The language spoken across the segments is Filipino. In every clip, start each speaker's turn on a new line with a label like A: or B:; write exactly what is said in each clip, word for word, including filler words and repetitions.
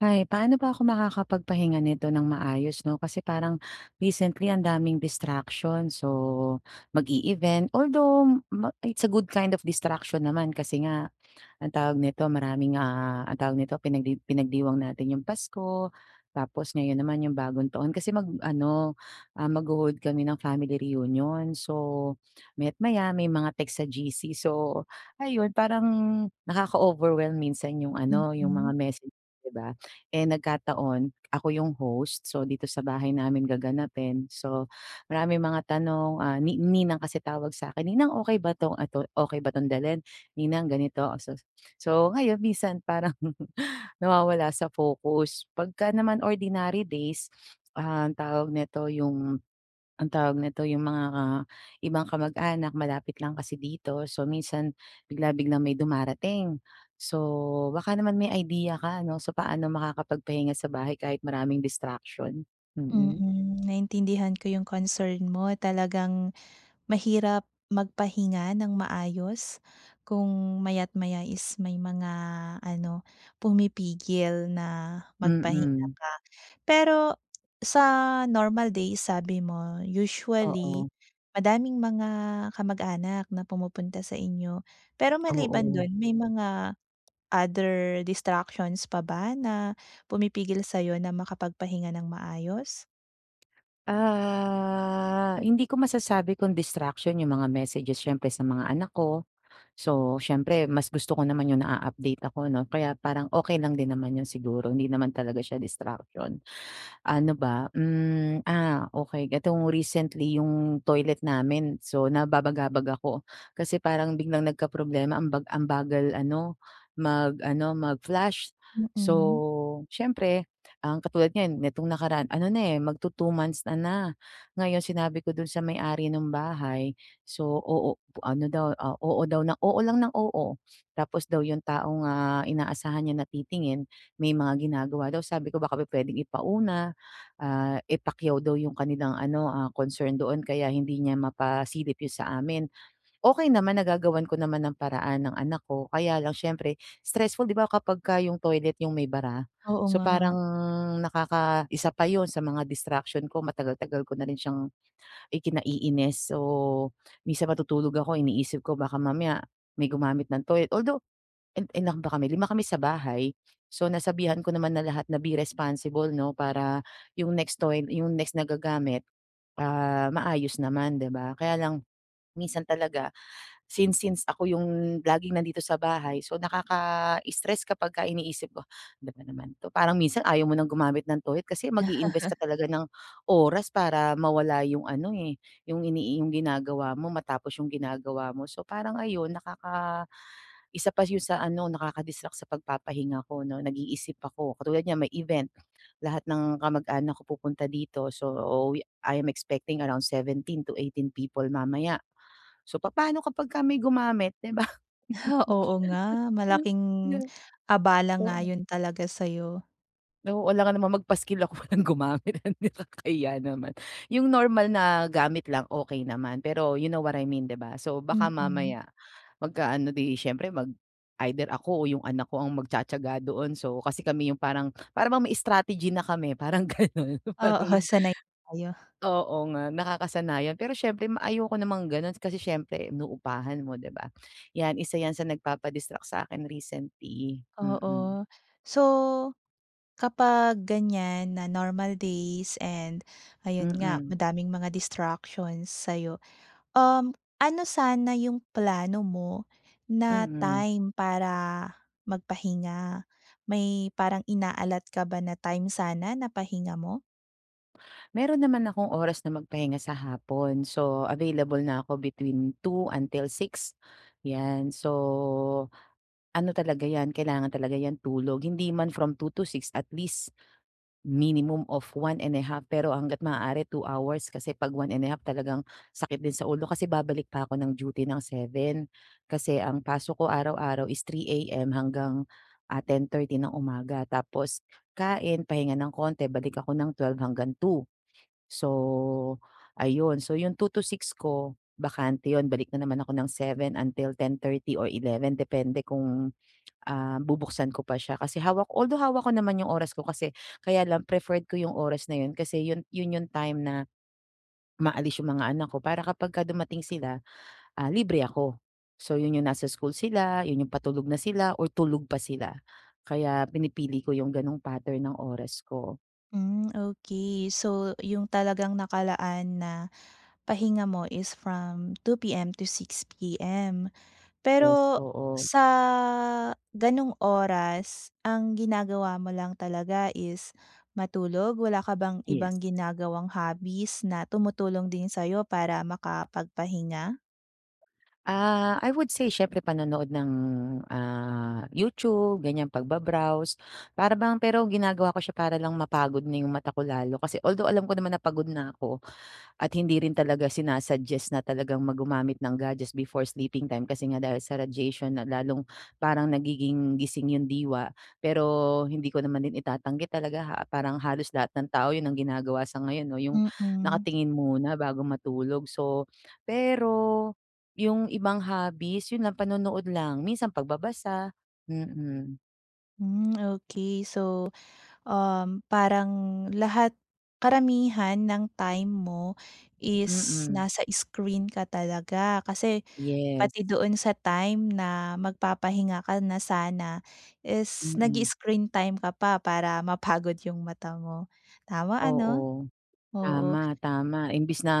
A: Hay, paano ba ako makakapagpahinga nito ng maayos, 'no. Kasi parang recently ang daming distractions. So mag-e-event, although ma it's a good kind of distraction naman, kasi nga, anong tawag nito, maraming, ah, ang tawag nito, pinagdi pinagdiwang natin 'yong Pasko, tapos ngayon naman 'yong Bagong Taon. Kasi mag-ano, magho-hold kami ng family reunion. So maya't maya may mga text sa G-C. So ayun, parang nakaka-overwhelm minsan 'yong, ano, 'yong mga
B: Mm.
A: message, 'di ba? Eh, nagkataon ako 'yong host. So dito sa bahay namin gaganapin. So maraming mga tanong, ah, ni ninang kasi tawag sa 'kin, "Ninang, okey ba 'tong at o okey ba 'tong dalhin? Ninang ganito." Oh, so so ngayon minsan parang nawawala sa focus. 'Pagka naman ordinary days, um, tawag nito, 'yong, ang tawag nito 'yong mga, ah, ibang kamag-anak malapit lang kasi dito. So minsan bigla-biglang may dumarating. So baka naman may idea ka, no. So paano makakapagpahinga sa bahay kahit maraming distraction. Mm.
B: Mm, naintindihan ko 'yong concern mo. Talagang mahirap magpahinga nang maayos kung maya't maya is may mga, ano, pumipigil na magpahinga
A: Mm.
B: ka. Pero sa normal days sabi mo usually
A: Oo.
B: madaming mga kamag-anak na pumupunta sa inyo. Pero maliban
A: Oo.
B: do'n, may mga other distractions pa ba na pumipigil sa 'yo na makapagpahinga nang maayos?
A: Ah, hindi ko masasabi kung distraction yung mga messages siyempre, sa mga anak ko. So, siyempre mas gusto ko naman yung na-a-update ako 'no, kaya parang okey lang din naman 'yon siguro, hindi naman talaga siya distraction. Ano ba, hmm, ah, okey. Etong recently, yung toilet namin, so nababagabag ako. Kasi parang biglang nagkaproblema ang bag ang bagal ano, mag-ano, mag-flash.
B: Mm.
A: So, siyempre ang katulad ngayon nitong nakaraan ano na, eh, magtu-two months na na. Ngayon, sinabi ko dun sa may-ari nung bahay. So, oo, ano daw, ah, oo daw, oo lang ng oo. Tapos daw yung taong, ah, inaasahan niya na titingin, may mga ginagawa daw. Sabi ko, baka po puwedeng ipauna, ah, eh, pakyaw daw yung kanilang ano, ah, concern doon kaya hindi niya mapasilip yun sa amin. Okey naman, nagagawan ko naman ng paraan, ng anak ko, kaya lang siyempre stressful di ba, kapagka yung toilet yung may bara.
B: Oo
A: So,
B: nga.
A: parang nakaka isa pa yun sa mga distraction ko. Matagal-tagal ko na rin siyang ikinaiinis o minsan matutulog ako iniisip ko, baka mamaya may gumamit ng toilet. Although, i ilan ba kami? Lima kami sa bahay, so nasabihan ko naman na lahat na, "Be responsible, 'no." Para yung next to line, yung next na gagamit, ah, maayos naman, 'di ba? Kaya lang minsan talaga since since ako yung laging nandito sa bahay, so nakaka-stress kapagka iniisip ko, ano ba naman 'to. Parang minsan ayaw mo ng gumamit ng toilet kasi mag-i-invest ka talaga ng oras para mawala yung ano, eh, yung inii yung ginagawa mo, matapos yung ginagawa mo. So, parang ayon nakaka isa pa yun sa ano, nakaka-distract sa pagpapahinga ko 'no, nag-iisip ako. Katulad niyan may event, lahat ng kamag-anak ko pupunta dito, so we I'm expecting around seventeen to eighteen people mamaya. So, papaano kapagka may gumamit, di ba?
B: Oo nga. Malaking abala nga
A: Oo.
B: yun talaga sa'yo.
A: Oo, alangan namang magpaskil ako, walang gumamit, nakakahiya naman. Yung normal na gamit lang, okey naman. Pero you know what I mean, 'di ba? So, baka
B: Mm.
A: mamaya magkaano, di siyempre, mag either ako o yung anak ko ang magtiyatiyaga doon. So, kasi kami yung parang parang may strategy na kami parang ganun,
B: Oo,
A: parang,
B: sanay kayo.
A: oo nga nakakasanayan. Pero siyempre ma ayoko namang ganun kasi syempre inuupahan mo, 'di ba? Yan, isa yan sa nagpapa-distract sa'kin recently. Mm.
B: Oo. So, kapag ganiyan na normal days and ayun nga
A: Mm.
B: madaming mga distractions sa'yo, um, ano sana yung plano mo na
A: Mm.
B: time para magpahinga? May parang ina-alot ka ba na time sana na pahinga mo?
A: Meron naman akong oras na magpahinga sa hapon. So, available na ako between two until six yan. So, ano talaga yan, kailangan talaga yan tulog. Hindi man from two to six, at least minimum of one and a half pero hangga't maaari two hours kasi 'pag one and a half talagang sakit din sa ulo kasi babalik pa ako ng duty ng seven kasi ang pasok ko araw-araw is three AM hanggang, ah, ten thirty ng umaga, tapos kain pahinga ng konti balik ako ng twelve hanggang two. So, ayun. So, yung two to six, ko bakante 'yon, balik na naman ako ng seven until ten thirty or eleven depende kung, ah, bubuksan ko pa siya, kasi hawak although hawak ko naman yung oras ko kasi, kaya lang preferred ko yung oras na yun kasi yun yun yung time na umaalis yung mga anak ko, para kapagka dumating sila, ah, libre ako. So, yun yung nasa school sila, yun yung patulog na sila, or tulog pa sila. Kaya pinipili ko yung gano'ng pattern ng oras ko.
B: Hmm okey, so yung talagang nakalaan na pahinga mo is from two PM to six PM.
A: Yes,
B: Pero
A: oo.
B: sa ganong oras, ang ginagawa mo lang talaga is matulog? Wala ka bang
A: Yes.
B: ibang ginagawang hobbies na tumutulong din sayo para makapagpahinga?
A: Ah, I would say siyempre panonood ng, ah, YouTube ganyan, pagba-browse para bang, pero ginagawa ko siya para lang mapagod na yung mata ko lalo, kasi although alam ko naman na pagod na ako at hindi rin talaga sina-suggest na talagang mag gumamit ng gadgets before sleeping time kasi nga dahil sa radiation na lalong parang nagiging gising yung diwa, pero hindi ko naman din itatanggi talaga ah parang halos lahat ng tao yun ang ginagawa sa ngayon no, yung
B: Mm.
A: nakatingin muna bago matulog. So, pero yung ibang hobbies yun lang panonood lang minsan pagbabasa, mm.
B: Hmm okey, so um, parang lahat karamihan ng time mo is
A: Mm.
B: nasa screen ka talaga. Kasi
A: Yes.
B: pati doon sa time na magpapahinga ka na sana is
A: Mm.
B: nag-i-screen time ka pa para mapagod yung mata mo, tama ano?
A: Oo,
B: Oo.
A: tama, tama imbis na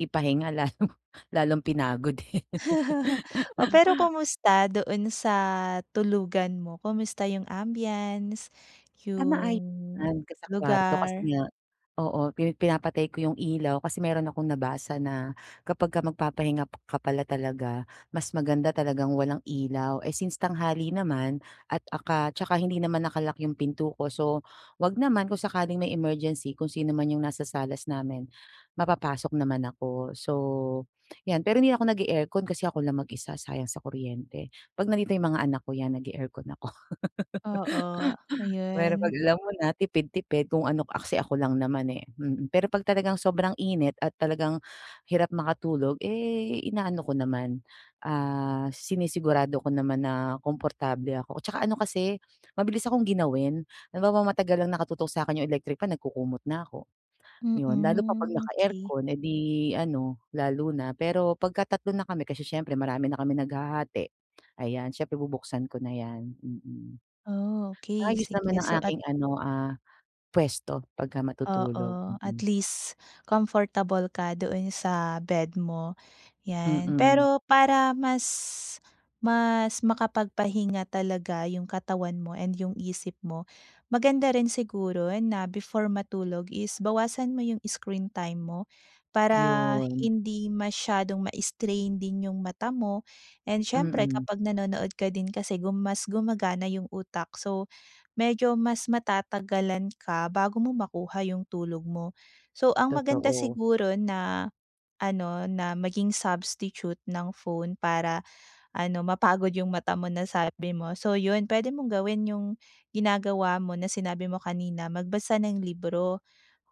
A: ipahinga lalo lalong pinagod eh.
B: Pero kumusta doon sa tulugan mo? Kumusta yung ambiance,
A: Ah
B: 'yung
A: maayos naman kung sa kwarto kasi
B: lugar.
A: nga, oo pini pinapatay ko yung ilaw kasi meron akong nabasa na kapag ka magpapahinga ka pala talaga mas maganda talagang walang ilaw. Eh since tanghali naman at aka tsaka hindi naman naka-lock yung pinto ko, so wag naman kung sakaling may emergency kung sino man yung nasa salas namin mapapasok naman ako. So 'yan, pero hindi ako nag-e-aircon kasi ako lang mag-isa, sayang sa kuryente. Pag nandito yung mga anak ko, ayan, nag-e-aircon ako
B: Oo,
A: pero pag
B: ayun.
A: alam mo na tipid-tipid kung ano ah kasi ako lang naman eh mm. Pero pag talagang sobrang init at talagang hirap makatulog, eh inaano ko naman ah sinisigurado ko naman na komportable ako. At saka ano kasi mabilis akong ginawin, halimbawa matagal lang nakatutok sakin yung electric fan, nagkukumot na ko. Yun, lalo pa pag
B: Mm okey.
A: naka-aircon, eh di ano lalo na. Pero pagka tatlo na kami kasi siyempre marami na kaming naghahati, ayan siyempre bubuksan ko na yan, mm.
B: Okey
A: Ayos naman
B: sige.
A: ang
B: So at
A: aking ano ah puwesto pagka matutulog,
B: Oo,
A: mm.
B: at least comfortable ka doon sa bed mo 'yan.
A: Mm.
B: Pero para mas mas makapagpahinga talaga yung katawan mo and 'yung isip mo, maganda rin siguro na before matulog is bawasan mo yung screen time mo para
A: Yun.
B: hindi masyadong ma-strain din 'yung mata mo. And syempre,
A: Mm.
B: kapag nanonood ka din kasi gum mas gumagana yung utak, so medyo mas matatagalan ka bago mo makuha 'yung tulog mo. So ang maganda
A: Totoo.
B: siguro na ano na maging substitute ng phone para ano mapagod yung mata mo na sabi mo, so 'yun pwede mong gawin yung ginagawa mo na sinabi mo kanina, magbasa ng libro.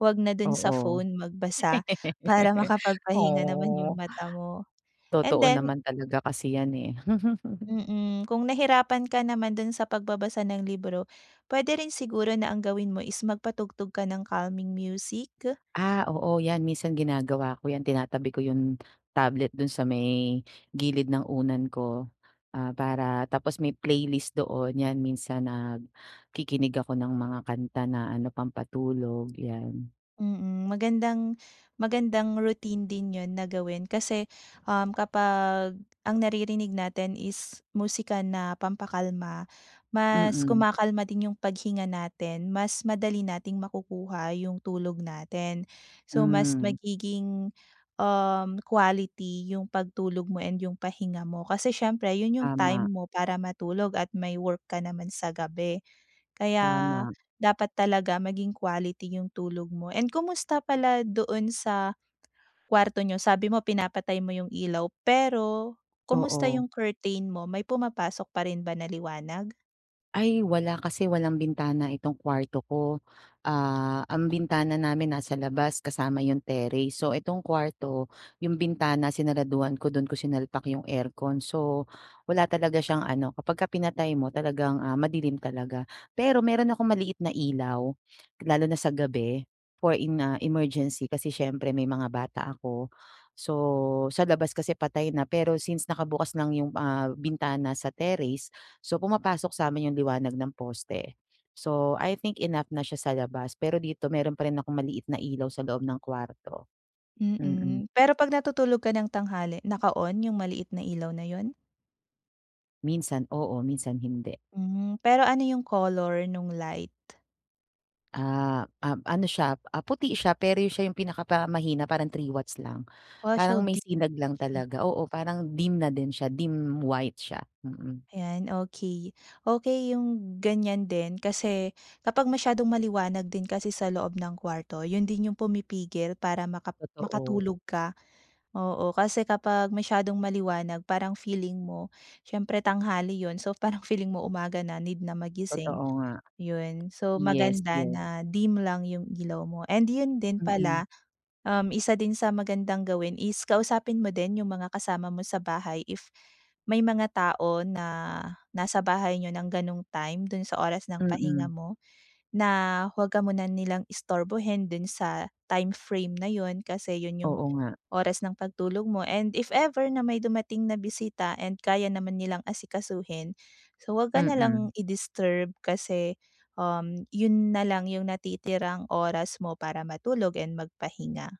B: Wag na dun sa
A: Oo.
B: phone magbasa para makapagpahinga naman yung
A: Oh.
B: mata mo and
A: Totoo
B: then
A: naman talaga kasi yan eh.
B: mm kung nahirapan ka naman dun sa pagbabasa ng libro, pwede rin siguro na ang gawin mo is magpatugtog ka ng calming music.
A: Ah, oo, yan minsan ginagawa ko yan. Tinatabi ko yun tablet dun sa may gilid ng unan ko ah para tapos may playlist doon 'yan, minsan nag kikinig ako ng mga kanta na ano pampatulog yan.
B: Mm, magandang magandang routine din yun na gawin kasi um kapag ang naririnig natin is musika na pampakalma, mas
A: Mm.
B: kumakalma din yung paghinga natin, mas madali nating makukuha yung tulog natin. So mas
A: Hmm.
B: magiging, um, quality yung pagtulog mo and yung pahinga mo kasi siyempre 'yun yung time
A: Tama.
B: mo para matulog at may work ka naman sa gabi. Kaya,
A: Tama.
B: dapat talaga maging quality 'yung tulog mo. And kumusta pala doon sa, kwarto niyo? Sabi mo pinapatay mo yung ilaw pero kumusta
A: Oo.
B: yung curtain mo? May pumapasok pa rin ba na liwanag?
A: Ay wala kasi walang bintana itong kwarto ko. Ah ang bintana namin nasa labas kasama yung terrace so itong kwarto yung bintana sinaraduhan ko dun kung sinalpak yung aircon so wala talaga siyang ano kapag ka pinatay mo talagang ah madilim talaga pero meron akong maliit na ilaw lalo na sa gabi for in nga emergency kasi siyempre may mga bata ako. So sa labas kasi patay na pero since nakabukas lang 'yong ah bintana sa terrace so pumapasok samin yung liwanag ng poste. So I think enough na siya sa labas pero dito meron pa rin akong maliit na ilaw sa loob ng kuwarto. Mm.
B: Mm, pero kapag natutulog ka ng tanghali naka-on yung maliit na ilaw na yun?
A: Minsan oo, minsan hindi.
B: Hmm, pero ano yung color nung light?
A: Ah, um, ano siya ah puti siya pero siya yung pinaka parang mahina parang three watts lang. Parang may
B: [unintelligible]
A: sinag lang talaga oo parang dim na din siya dim white siya, mm.
B: Ayan, okey, okey yung ganyan din kasi kapag masyadong maliwanag din kasi sa loob ng kwarto yun din yung pumipigil para maka
A: Totoo.
B: makatulog ka oo kasi kapag masyadong maliwanag parang feeling mo syempre tanghali yun so parang feeling mo umaga na need na
A: Totoo
B: magising
A: nga.
B: yun so
A: Yes
B: maganda
A: yes.
B: na dim lang yung ilaw mo and yun din
A: Mm.
B: pala, um, isa din sa magandang gawin is kausapin mo din yung mga kasama mo sa bahay if may mga tao na nasa bahay niyo ng ganong time dun sa oras ng pahinga
A: Mm.
B: mo na huwag ka muna nilang istorbohin dun sa time frame na yun kasi iyon yung
A: Oo nga.
B: oras ng pagtulog mo and if ever na may dumating na bisita and kaya naman nilang asikasuhin, so wag ka
A: Mm.
B: nalang i disturb kasi, um, yun nalang yung natitirang oras mo para matulog and magpahinga.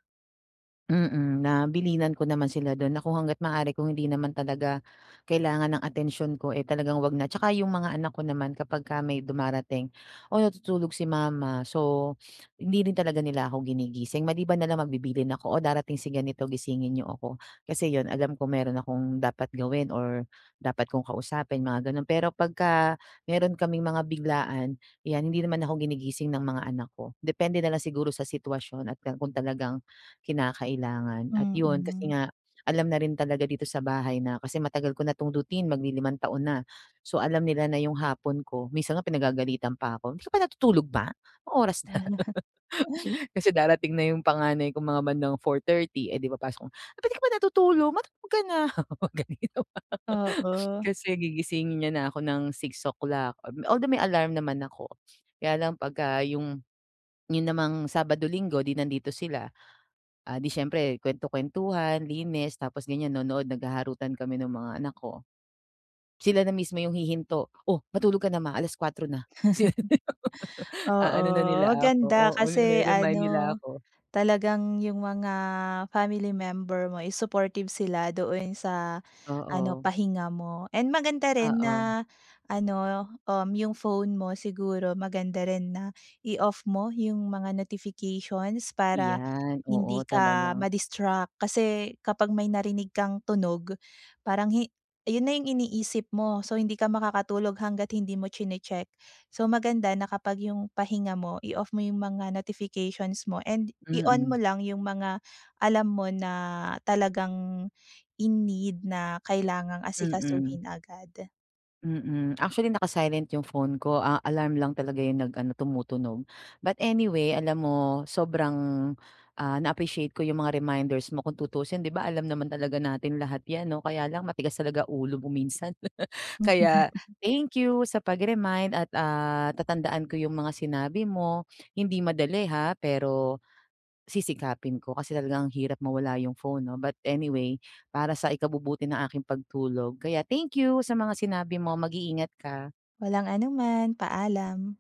A: Mm, na bilinan ko naman sila do'n na kung hangga't maaari kung hindi naman talaga kailangan ng atensyon ko, eh, talagang 'wag na. Tsaka yung mga anak ko naman kapagka may dumarating, "Oh, natutulog si mama," so hindi rin talaga nila ako ginigising. Maliban nalang magbibilihin ako, "Oh, darating si ganito gisingin niyo ako," kasi 'yon alam ko meron akong dapat gawin or dapat kong kausapin mga gano'n. Pero pagka meron kaming mga biglaan 'yan hindi naman ako ginigising ng mga anak ko, depende na lang siguro sa sitwasyon at ka kung talagang kinakailangan. At 'yon kasi
B: Mm.
A: nga, alam na rin talaga dito sa bahay na kasi matagal ko na tong routine maglilimang taon na. So, alam nila na yung hapon ko, minsan nga pinagagalitan pa ako, "Di ka pa natutulog ma, anong oras na." Kasi darating na yung panganay ko mga bandang four thirty, eh, di papasok na, "Ba't di ka pa natutulog, matulog ka na," gano'n yung mga
B: Oo.
A: kasi gigisingin niya na ako ng six o'clock, um, although may alarm naman ako, kaya lang pagka yung, yun namang Sabado, Linggo di nandito sila, ah, di syempre kwento-kwentuhan, linis tapos gan'yan, nonood, naghaharutan kami ng mga anak ko. Sila na mismo yung hihinto, o matulog ka na ma, alas-kuwatro na. A
B: Oo,
A: ano na nila ako,
B: maganda
A: oo
B: kasi
A: ni-re-remind nila
B: ano,
A: ako.
B: talagang yung mga family member mo is supportive sila doon sa ano
A: Oo.
B: pahinga mo. And maganda rin
A: Oo.
B: na ano, um, yung phone mo siguro maganda rin na i-off mo yung mga notifications para,
A: Iyan, oo
B: hindi ka
A: talagang
B: ma-distract, kasi kapag may narinig kang tunog, parang hi iyon na yung iniisip mo, so hindi ka makakatulog hangga't hindi mo chine-check. So, maganda na kapag yung pahinga mo i-off mo yung mga notifications mo and i-on mo
A: Mm.
B: lang yung mga alam mo na talagang in need na kailangang
A: Mm.
B: asikasuhin agad.
A: Mm. Actually naka-silent yung phone ko, ah, alarm lang talaga yung nag ano tumutunog. But anyway, alam mo sobrang, ah, na-appreciate ko yung mga reminders mo, kung tuusin di ba, alam naman talaga natin lahat 'yan 'no, kaya lang matigas talaga ulo mo minsan. Kaya, thank you sa pag remind at, ah, tatandaan ko yung mga sinabi mo, hindi madali ha pero, sisikapin ko kasi talaga ang hirap mawala yung phone 'no. But anyway, para sa ikabubuti ng aking pagtulog kaya thank you sa mga sinabi mo mag-iingat ka.
B: Walang anuman, paalam.